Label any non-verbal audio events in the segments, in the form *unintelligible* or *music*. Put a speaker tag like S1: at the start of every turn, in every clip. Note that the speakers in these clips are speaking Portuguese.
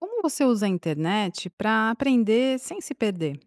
S1: Como você usa a internet pra aprender sem se perder?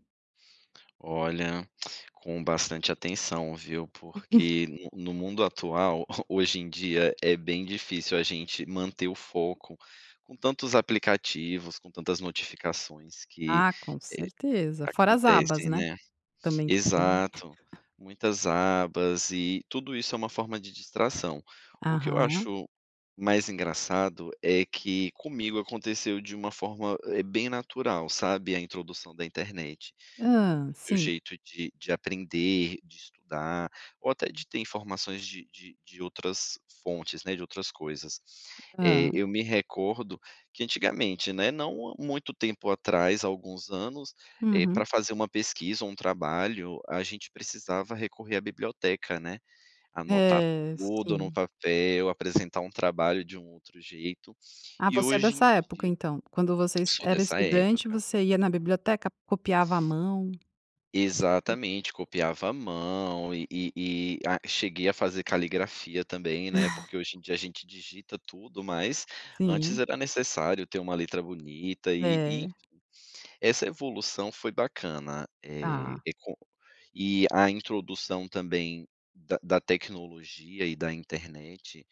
S2: Olha, com bastante atenção, viu. Porque no no mundo atual, *chuckles* hoje em dia, é bem difícil a gente manter o foco com tantos aplicativos, com tantas notificações que
S1: Ah, com
S2: eh,
S1: certeza, fora as abas
S2: acontecem,
S1: né.
S2: né.
S1: Também que tem.
S2: Exato,
S1: *chuckles*
S2: muitas abas e tudo isso é uma forma de distração. O que eu
S1: Aham.
S2: acho mais engraçado é que comigo aconteceu de uma, eh, forma bem natural, sabe, a introdução da internet, no
S1: Hã,
S2: no meu
S1: sim.
S2: jeito de de aprender, de estudar, ou até de ter informações de de de outras fontes, né, de outras coisas.
S1: Hã.
S2: Eh, eu me recordo que antigamente, né, não há muito tempo atrás, há alguns anos, eh
S1: Uhum.
S2: pra fazer uma pesquisa ou um trabalho, a gente precisava recorrer à biblioteca, né, anotar
S1: É,
S2: tudo no
S1: sim.
S2: papel, apresentar um trabalho de um outro jeito.
S1: Ah,
S2: E
S1: você é
S2: hoje
S1: dessa
S2: em
S1: época
S2: dia
S1: então, quando você
S2: sou
S1: era
S2: dessa
S1: estudante
S2: época.
S1: você ia na biblioteca copiava a mão, essas coi
S2: Exatamente, copiava a mão e e e a cheguei a fazer caligrafia também, né. Porque
S1: *chuckles*
S2: hoje em dia a gente digita tudo, mas antes
S1: Sim.
S2: era necessário ter uma letra bonita e e enfim.
S1: É.
S2: Essa evolução foi bacana, eh,
S1: Tá.
S2: é com e a introdução também da da tecnologia e da internet,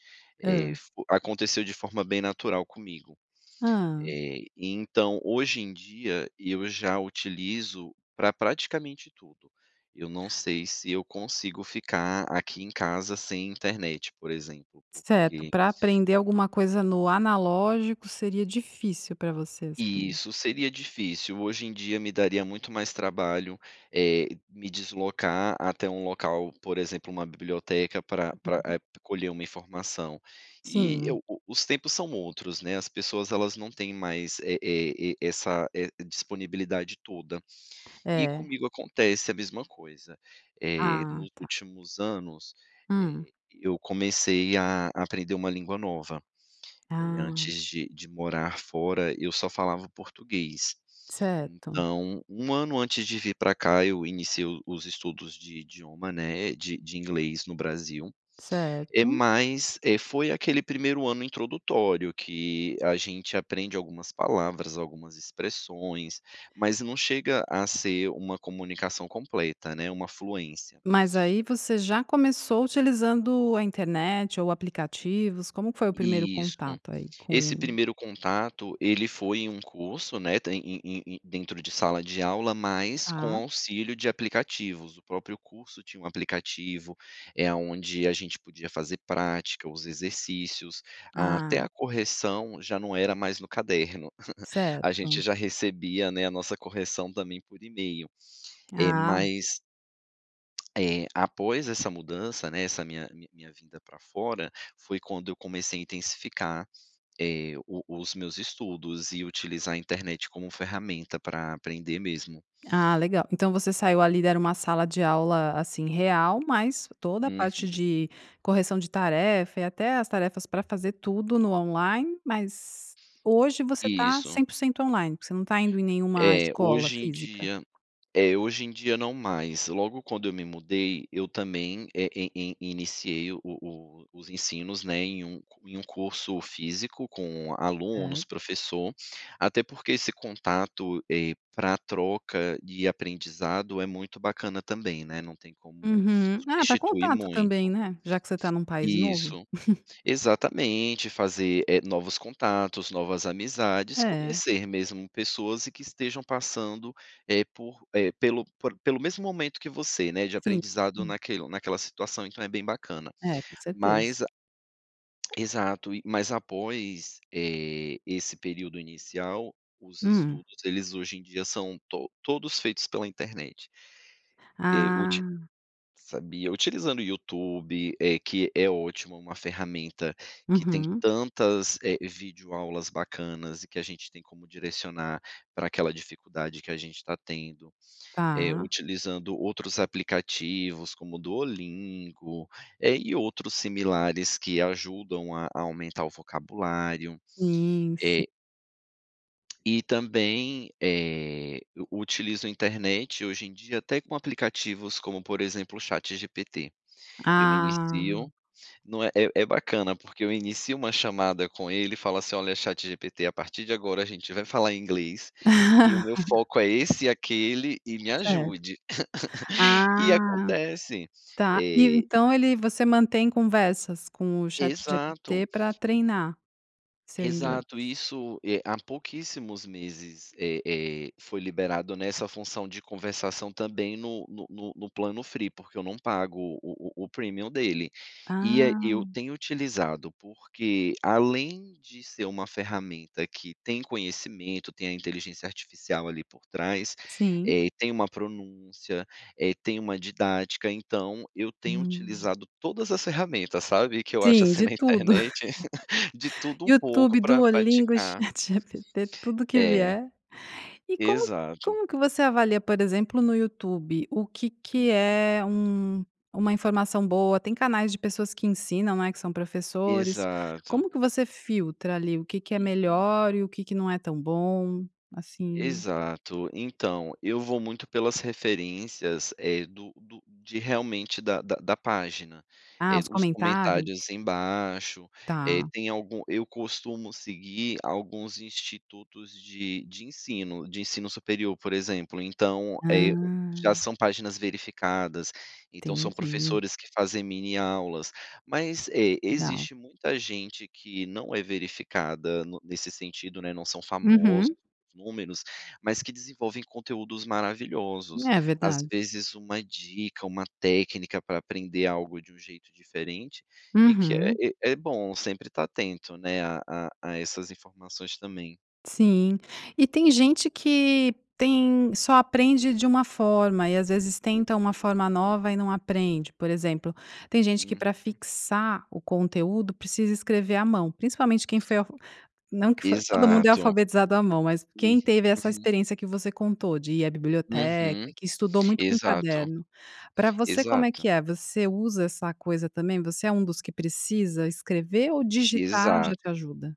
S1: Hã.
S2: eh fo aconteceu de forma bem natural comigo.
S1: Hã.
S2: Eh, então, hoje em dia, eu já utilizo pra praticamente tudo. Eu não sei se eu consigo ficar aqui em casa sem internet, por exemplo,
S1: Certo,
S2: porque
S1: pra aprender alguma coisa no analógico seria difícil pra você, assim.
S2: Isso, seria difícil. Hoje em dia me daria muito mais trabalho, eh, me deslocar até um local, por exemplo, uma biblioteca pra pra
S1: *unintelligible*
S2: eh, colher uma informação. E
S1: Sim.
S2: eu o os tempos são outros, né. As pessoas elas não têm mais é é é essa é disponibilidade toda. E
S1: É.
S2: comigo acontece a mesma coisa, eh,
S1: Ah
S2: nos
S1: tá.
S2: últimos anos,
S1: Hum.
S2: eh, eu comecei a aprender uma língua nova. Eh,
S1: Ah.
S2: antes de de morar fora, eu só falava o português.
S1: Certo.
S2: Então, 1 ano antes de vir pra cá, eu iniciei o os estudos de idioma, né, de de inglês no Brasil, eh,
S1: Certo.
S2: mais, eh, foi aquele primeiro ano introdutório, que a gente aprende algumas palavras, algumas expressões, mas não chega a ser uma comunicação completa, né. Uma fluência.
S1: Mas aí você já começou utilizando a internet ou aplicativos? Como que foi o primeiro
S2: Isso.
S1: contato aí
S2: Esse
S1: com
S2: primeiro contato ele foi em um curso, né, tem em em em dentro de sala de aula, mas com
S1: Tá.
S2: auxílio de aplicativos, o próprio curso tinha um aplicativo, eh, aonde a gente podia fazer prática, os exercícios, até
S1: Ah.
S2: a correção já não era mais no caderno. *chuckles* A gente
S1: Certo.
S2: já recebia, né, a nossa correção também por email. É
S1: Ah.
S2: mais *smacks lips* eh, após essa mudança, né, essa minha mi minha vinda pra fora, foi quando eu comecei a intensificar, eh, o os meus estudos e utilizar a internet como ferramenta pra aprender mesmo.
S1: Ah legal, então você saiu ali, era uma sala de aula assim real, mas toda a parte
S2: Uhum.
S1: de correção de tarefa e até as tarefas pra fazer tudo no online, mas hoje você tá
S2: Isso.
S1: 100% online, você não tá indo em nenhuma
S2: Eh,
S1: escola
S2: hoje em
S1: física?
S2: dia é, hoje em dia não mais, logo quando eu me mudei, eu também eh, e e e iniciei o o o os ensinos, né, em um em um curso físico com
S1: É.
S2: alunos, professor. Até porque esse contato, eh, pra troca e aprendizado é muito bacana também, né, não tem como
S1: Uhum. Ah, pra
S2: substituir
S1: contato também,
S2: muito.
S1: né? Já que você tá num país novo.
S2: Isso.
S1: *chuckles*
S2: Exatamente, fazer, eh, novos contatos, novas amizades,
S1: É.
S2: conhecer mesmo pessoas e que estejam passando, eh por, eh pelo por pelo mesmo momento que você, né, de
S1: Sim.
S2: aprendizado
S1: Hum.
S2: naquelo naquela situação. Então é bem bacana.
S1: É, com certeza.
S2: Mas a exato, e mas após, eh, esse período inicial, os
S1: Hum.
S2: estudos, eles hoje em dia são to todos feitos pela internet. Eh, uti
S1: Ah.
S2: sabia utilizando o YouTube, eh, que é ótimo, uma ferramenta que tem
S1: Uhum.
S2: tantas, eh, videoaulas bacanas e que a gente tem como direcionar pra aquela dificuldade que a gente tá tendo. Eh,
S1: Tá.
S2: utilizando outros aplicativos como o Duolingo, eh, e outros similares que ajudam a aumentar o vocabulário.
S1: Sim, si
S2: Eh E também, eh, eu utilizo a internet, hoje em dia até com aplicativos como, por exemplo, o ChatGPT. Eu me
S1: Ah.
S2: inicio não é é é bacana porque eu inicio uma chamada com ele e falo assim: "Olha ChatGPT, a partir de agora a gente vai falar em inglês, e o meu
S1: *laughs*
S2: foco é esse e aquele, e me
S1: Certo.
S2: ajude". *laughs* E
S1: Ah,
S2: acontece.
S1: tá. E o
S2: E
S1: então ele você mantém conversas com o
S2: Exato.
S1: ChatGPT pra
S2: E
S1: treinar seu inglês?
S2: Exato. Isso, eh, há pouquíssimos meses, eh eh, foi liberado nessa função de conversação também no no no no plano free, porque eu não pago o o o premium dele. E a eu
S1: Ah.
S2: tenho utilizado porque, além de ser uma ferramenta que tem conhecimento, tem a inteligência artificial ali por trás,
S1: Sim.
S2: eh, tem uma pronúncia, eh, tem uma didática, então eu tenho
S1: Hum.
S2: utilizado todas as ferramentas, sabe, que eu acho
S1: Sim,
S2: assim
S1: de
S2: na
S1: tudo.
S2: internet, *laughs* de
S1: *laughs*
S2: tudo um
S1: YouTube,
S2: pouco pra
S1: Duolingo,
S2: praticar.
S1: ChatGPT, tudo que
S2: É.
S1: vier. E como
S2: Exato.
S1: como que você avalia, por exemplo, no YouTube, o que que
S2: Uhum.
S1: é um uma informação boa? Tem canais de pessoas que ensinam, né, que são professores,
S2: Exato.
S1: como que você filtra, ali, o que que é
S2: Uhum.
S1: melhor, e o que que não é tão bom assim?
S2: Exato. Então, eu vou muito pelas referências, eh, do do de realmente da da da página,
S1: Ah,
S2: eh,
S1: os
S2: os
S1: comentários?
S2: comentários embaixo, eh,
S1: Tá.
S2: tem algum eu costumo seguir alguns institutos de de ensino, de ensino superior, por exemplo, então, eh, o já
S1: Ah.
S2: são páginas verificadas, então são
S1: Entendi.
S2: professores que fazem mini aulas. Mas, é,
S1: Legal.
S2: existe muita gente que não é verificada no nesse sentido, né, não são famosos
S1: Uhum.
S2: os números, mas que desenvolvem conteúdos maravilhosos.
S1: É
S2: Às
S1: verdade.
S2: vezes, uma dica, uma técnica para aprender algo de um jeito diferente, e que
S1: Uhum.
S2: é é bom sempre estar atento, né, a a a essas informações também.
S1: Sim. E tem gente que tem só aprende de uma forma e, às vezes, tenta uma forma
S2: Uhum.
S1: nova e não aprende. Por exemplo, tem gente que para
S2: Uhum.
S1: fixar o conteúdo, precisa escrever à mão, principalmente quem foi alf não que foi, todo mundo é
S2: Exato.
S1: alfabetizado à mão, mas
S2: Uhum,
S1: quem teve essa
S2: uhum.
S1: experiência que você contou de ir à biblioteca,
S2: Uhum.
S1: que estudou muito com
S2: Exato.
S1: caderno. Para você, como é
S2: Exato.
S1: que é? Você usa essa coisa também? Você é um dos que precisa escrever ou digitar já
S2: Exato.
S1: te ajuda?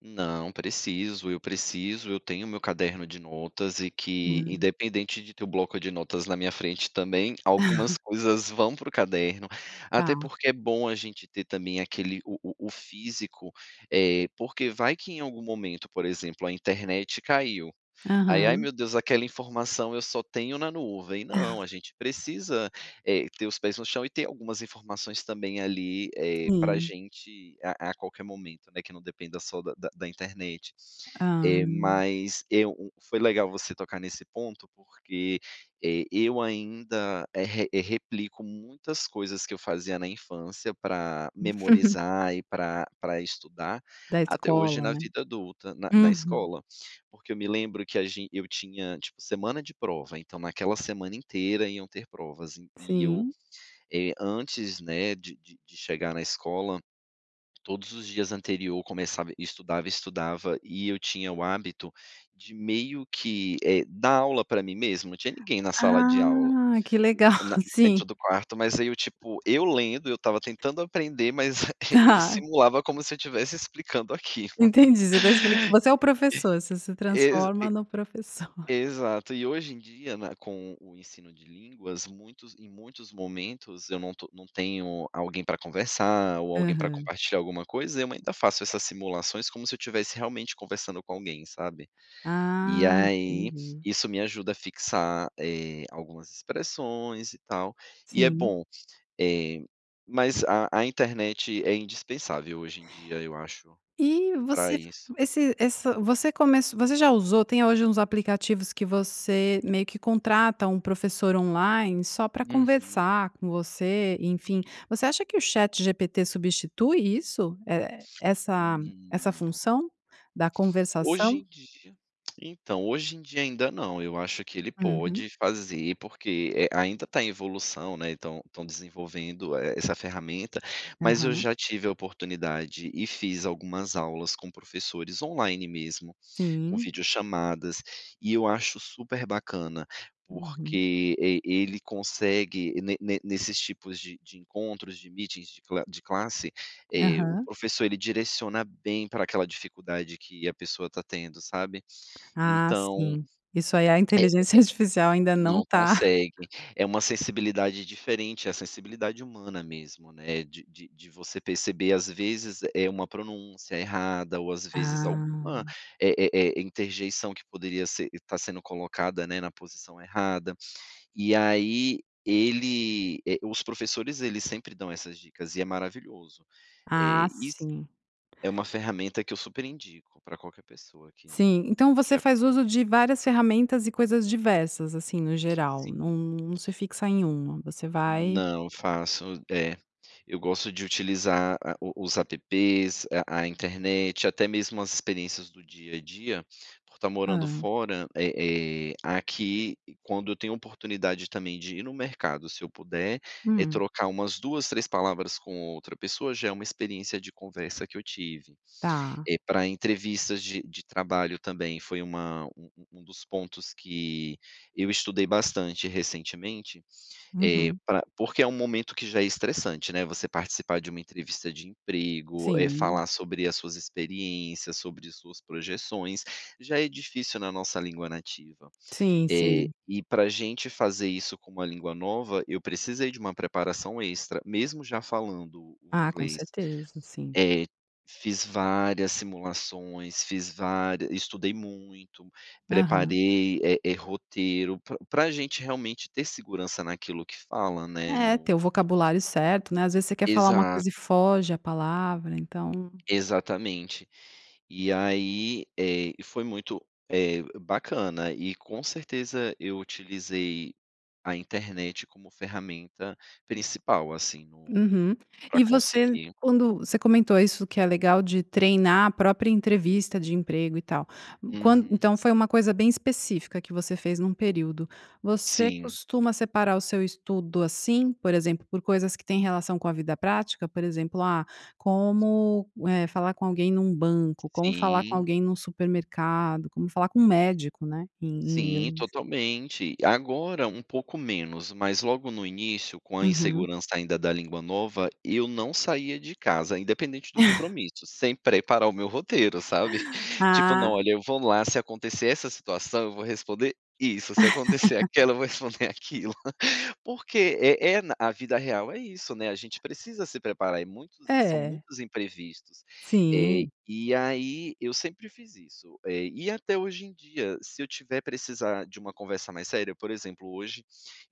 S2: Não. Preciso, eu preciso. Eu tenho o meu caderno de notas e que,
S1: Hum.
S2: independente de ter o bloco de notas na minha frente também, algumas
S1: *chuckles*
S2: coisas vão para o caderno, até
S1: Tá.
S2: porque é bom a gente ter também aquele o o o físico, eh, porque vai que em algum momento, por exemplo, a internet caiu, aí, "ai
S1: Aham.
S2: meu Deus, aquela informação eu só tenho na nuvem", não, a
S1: *chuckles*
S2: gente precisa, eh, ter os pés no chão e ter algumas informações também ali, eh, para
S1: Sim.
S2: gente a a qualquer momento, né, que não depende só da da da internet. Eh,
S1: Ah.
S2: mas, eu um foi legal você tocar nesse ponto porque, eh, eu ainda, eh, re replico muitas coisas que eu fazia na infância pra
S1: *laughs*
S2: memorizar e pra pra estudar,
S1: Da
S2: até hoje
S1: escola,
S2: na
S1: né.
S2: vida adulta, na na
S1: Uhum.
S2: escola, porque eu me lembro que a gen eu tinha, tipo, semana de prova, então naquela semana inteira iam ter provas, e eu,
S1: Sim.
S2: eh, antes, né, de de de chegar na escola, todos os dias anterior começava estudava, estudava e eu tinha o hábito de meio que, eh, dar aula pra mim mesmo? Não tinha ninguém na sala de aula,
S1: Ah, que legal.
S2: na na
S1: sim.
S2: dentro do quarto, mas aí, eu,
S1: *laughs*
S2: tipo, eu lendo, eu estava tentando aprender, mas aí eu
S1: Tá.
S2: simulava como se eu estivesse explicando aquilo.
S1: Entendi. Você tá explic você é o professor, você
S2: *laughs*
S1: se
S2: Exa e
S1: transforma no professor.
S2: exato. E hoje em dia, né, com o ensino de línguas, muitos em muitos momentos eu não to não tenho alguém pra conversar ou alguém pra
S1: Aham.
S2: compartilhar alguma coisa, eu ainda faço essas simulações como se eu estivesse realmente conversando com alguém, sabe? E
S1: Ah,
S2: aí,
S1: entendi.
S2: isso me ajuda a fixar, eh, algumas expressões e tal, e é
S1: Sim.
S2: bom. Eh, mas a a internet é indispensável hoje em dia, eu acho,
S1: E
S2: pra
S1: você f
S2: isso.
S1: esse ess você comec você já usou tem hoje uns aplicativos que você meio que contrata um professor online só pra
S2: Uhum.
S1: conversar com você, enfim. Você acha que o ChatGPT substitui isso? Eh, essa
S2: Hum,
S1: essa
S2: não.
S1: função da
S2: Hoje
S1: conversação?
S2: em dia Então, hoje em dia ainda não, eu acho que ele
S1: Uhum.
S2: pode fazer porque, eh, ainda está em evolução, né, e estão estão desenvolvendo, eh, essa ferramenta, mas eu
S1: Aham.
S2: já tive a oportunidade e fiz algumas aulas com professores online mesmo, com
S1: Sim.
S2: vídeo chamadas, e eu acho super bacana,
S1: Uhum.
S2: porque e ele consegue ne ne nesses tipos de de encontros, de meetings, de cla de classe, eh, o
S1: Aham.
S2: professor ele direciona bem pra aquela dificuldade que a pessoa está tendo, sabe,
S1: Ah,
S2: então
S1: sim. Isso aí a
S2: é é.
S1: inteligência artificial, ainda não
S2: Não
S1: tá
S2: consegue.
S1: *chuckles*
S2: É uma sensibilidade diferente, a sensibilidade humana mesmo, né, de de de você perceber, às vezes, eh, uma pronúncia errada ou, às vezes, alguma,
S1: Ah.
S2: eh eh, interjeição que poderia ser está sendo colocada, né, na posição errada. E aí ele, eh, os professores eles sempre dão essas dicas, e é maravilhoso.
S1: Ah,
S2: Eh, e s
S1: sim.
S2: É uma ferramenta que eu super indico, pra qualquer pessoa que
S1: Sim. Então
S2: quer
S1: você faz uso
S2: aprender.
S1: de várias ferramentas e coisas diversas, assim, no geral,
S2: Sim.
S1: não não se fixa em uma, você vai
S2: Não. Faço. É. Eu gosto de utilizar a o os APPs, a a internet, até mesmo as experiências do dia a dia, por estar morando
S1: Hã.
S2: fora, eh eh, aqui quando eu tenho oportunidade também de ir no mercado, se eu puder, é
S1: Hum.
S2: trocar umas 2, 3 palavras com outra pessoa já é uma experiência de conversa que eu tive.
S1: Tá.
S2: Eh, pra entrevistas de de trabalho também foi uma um um um dos pontos que eu estudei bastante recentemente, eh,
S1: Uhum.
S2: pra porque é um momento que já é estressante, né, você participar de uma entrevista de emprego, eh,
S1: Sim.
S2: falar sobre as suas experiências, sobre suas projeções, já é difícil na nossa língua nativa.
S1: Sim,
S2: Eh,
S1: sim.
S2: e pra gente fazer isso com uma língua nova, eu precisei de uma preparação extra, mesmo já falando o
S1: Ah, com
S2: inglês.
S1: certeza, sim.
S2: É. Fiz várias simulações, fiz vária estudei muito,
S1: Aham.
S2: preparei, eh eh, roteiro pra pra gente realmente ter segurança naquilo que fala, né,
S1: É,
S2: no
S1: ter o vocabulário certo, né, às vezes você quer falar uma coisa e
S2: Exato.
S1: foge a palavra, então
S2: Exatamente. E aí, eh, foi muito, eh, bacana e com certeza eu utilizei a internet como ferramenta principal, assim, no no
S1: Uhum.
S2: pra
S1: E você
S2: conseguir.
S1: quando você comentou isso que é legal de treinar a própria entrevista de emprego e tal, quan
S2: Uhum.
S1: então foi uma coisa bem específica que você fez num período. Você
S2: Sim.
S1: costuma separar o seu estudo assim? Por exemplo, por coisas que têm relação com a vida prática? Por exemplo, ah, como, eh, falar com alguém num banco, como falar com
S2: Sim.
S1: alguém num supermercado, como falar com médico, né, em em
S2: Sim,
S1: inglês.
S2: totalmente. Agora, um pouco menos, mas logo no início, com a
S1: Uhum.
S2: insegurança ainda da língua nova, eu não saía de casa, independente do
S1: *chuckles*
S2: compromisso, sem preparar o meu roteiro, sabe. *chuckles* Tipo: "não,
S1: Ah.
S2: olha, eu vou lá, se acontecer essa situação, eu vou responder isso, se acontecer
S1: *laughs*
S2: aquela, eu vou responder aquilo". Porque é é na a vida real é isso, né, a gente precisa se preparar e muitos são
S1: É.
S2: muitos imprevistos. Eh,
S1: Sim.
S2: e aí eu sempre fiz isso. Eh, e até hoje em dia, se eu tiver precisar de uma conversa mais séria, por exemplo, hoje,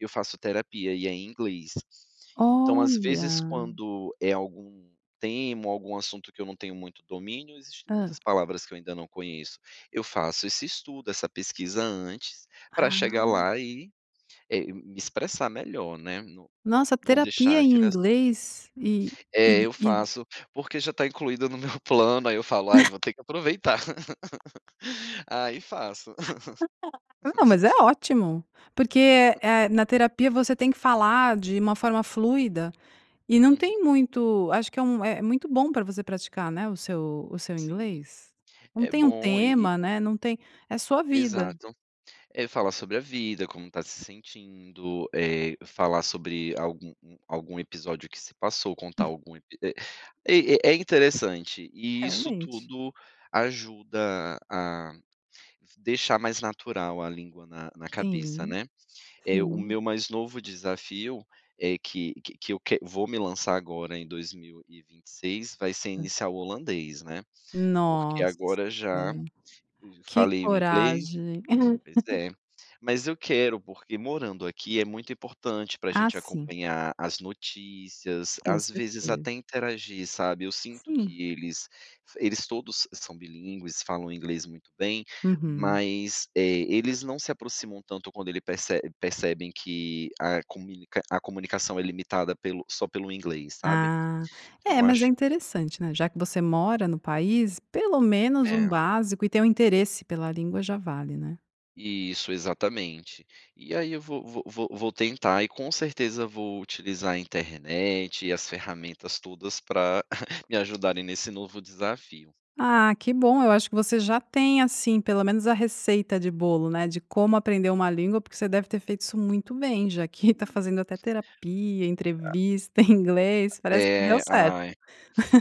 S2: eu faço terapia e é em inglês, então às vezes
S1: Olha!
S2: quando é algum tema ou algum assunto que eu não tenho muito domínio, existem
S1: Hã.
S2: muitas palavras que eu ainda não conheço, eu faço esse estudo, essa pesquisa antes, pra
S1: Ah.
S2: chegar lá e, eh, me expressar melhor, né, não
S1: Nossa,
S2: não
S1: terapia
S2: deixar
S1: em
S2: aquele assunto.
S1: inglês? E e
S2: É, eu
S1: e
S2: faço, porque já está incluída no meu plano, aí eu falo: "aí
S1: *chuckles*
S2: vou ter que aproveitar". *laughs* Aí, faço.
S1: *unintelligible* Não, mas é
S2: *laughs*
S1: ótimo! Porque, eh eh, na
S2: *laughs*
S1: terapia você tem que falar de uma forma fluida e não
S2: Uhum.
S1: tem muito acho que é um é muito bom pra você praticar, né, o seu o seu
S2: Sim.
S1: inglês. Não
S2: É
S1: tem um
S2: bom e e
S1: tema, né, não tem é sua vida.
S2: Exato. É falar sobre a vida, como está se sentindo, eh, falar sobre algum um algum episódio que se passou, contar
S1: Hum.
S2: algum ep e É é interessante. E isso
S1: Realmente.
S2: tudo ajuda a deixar mais natural a língua na na cabeça,
S1: Tem,
S2: né. Eh, o
S1: sim.
S2: meu mais novo desafio é que que que eu quer vou me lançar agora em 2026, vai ser
S1: Hã.
S2: iniciar o holandês, né. Porque
S1: Nossa,
S2: agora, já
S1: que
S2: falei o inglês
S1: coragem.
S2: pois
S1: *laughs*
S2: é. Mas eu quero porque, morando aqui, é muito importante pra
S1: Ah,
S2: gente
S1: sim.
S2: acompanhar as notícias,
S1: Com
S2: às vezes
S1: certeza.
S2: até interagir, sabe? Eu sinto
S1: Sim.
S2: que eles eles todos são bilíngues, falam inglês muito bem,
S1: Uhum.
S2: mas, eh, eles não se aproximam tanto quando ele perce percebem que a comunic a comunicação é limitada pelo só pelo inglês, sabe.
S1: Ah.
S2: Então
S1: É,
S2: eu
S1: mas é
S2: acho que
S1: interessante, né, já que você mora no país, pelo menos um
S2: É.
S1: básico, e tem o interesse pela língua, já vale, né?
S2: Isso, exatamente. E aí eu vou vou vou vou tentar, e com certeza vou utilizar a internet, e as ferramentas todas pra *chuckles* me ajudarem nesse novo desafio.
S1: Ah, que bom. Eu acho que você já tem, assim, pelo menos a receita de bolo, né, de como aprender uma língua, porque você deve ter feito isso muito bem, já que está
S2: Hum.
S1: fazendo até terapia,
S2: A
S1: entrevista, em inglês.
S2: *unintelligible*
S1: Parece que deu
S2: É.
S1: certo!
S2: Ai,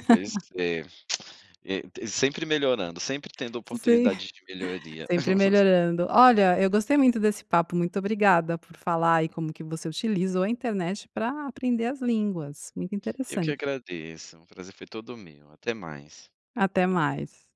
S2: pois
S1: *laughs*
S2: é. *clicks tongue* É t sempre melhorando, sempre tendo
S1: Sim,
S2: oportunidade de melhoria.
S1: sempre
S2: *laughs*
S1: melhorando. Olha, eu gostei muito desse papo. Muito obrigada por falar aí como que você utilizou a internet pra aprender as línguas, muito
S2: Eu que
S1: interessante.
S2: agradeço. O prazer foi todo meu, até mais.
S1: Até mais.